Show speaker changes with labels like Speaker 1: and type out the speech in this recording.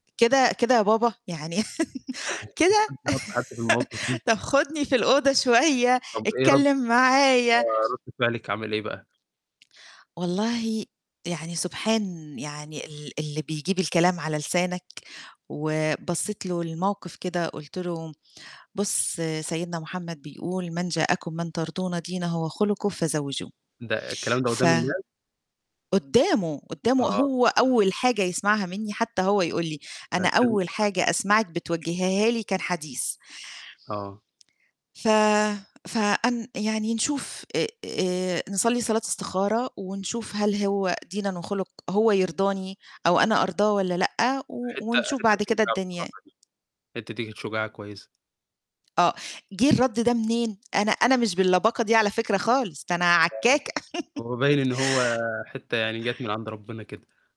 Speaker 1: كده كده يا بابا؟ يعني
Speaker 2: [unintelligible] ما
Speaker 1: كده؟
Speaker 2: حدش يحُط حد في المواقِف دي.
Speaker 1: طب خُدني في الأوضة شوية،
Speaker 2: طب إيه رد
Speaker 1: اتكلم معايا.
Speaker 2: آه رد فعلِك عامِل إيه بقى؟
Speaker 1: والله يعني سبحان يعني ال اللي بيجيب الكلام على لسانك وبصّيت له للموقِف كده قُلت له: "بُص سيدنا محمد بيقول: "من جاءكم من ترضون دينه وخلقه فزَوِّجوه""
Speaker 2: ده الكلام ده
Speaker 1: ف
Speaker 2: قُدّام الناس؟
Speaker 1: قُدّامه، قُدّامه
Speaker 2: آه.
Speaker 1: هو أول حاجة يسمعها منّي حتى هو يقُول لي: "أنا
Speaker 2: لكن
Speaker 1: أول
Speaker 2: أ
Speaker 1: حاجة أسمعِك بتوجهيها لي كان حديث."
Speaker 2: آه.
Speaker 1: ف فأن يعني نشوف آآ نصلّي صلاة استخارة ونشوف هل هو دينًا وخُلُق هو يرضاني أو أنا أرضاه والّا لأ، و
Speaker 2: الحته
Speaker 1: ونشوف
Speaker 2: حته
Speaker 1: بعد
Speaker 2: دي
Speaker 1: كده
Speaker 2: شُجاعة
Speaker 1: الدنيا.
Speaker 2: بصراحة دي، الحته دي كانت شُجاعة كويسة.
Speaker 1: آه، جِه الرد ده منين؟ أنا أنا مش باللباقة دي على فكرة خالص، ده أنا
Speaker 2: آه،
Speaker 1: عكاكة
Speaker 2: هو باين إن هو حته يعني جات من عند ربنا كده.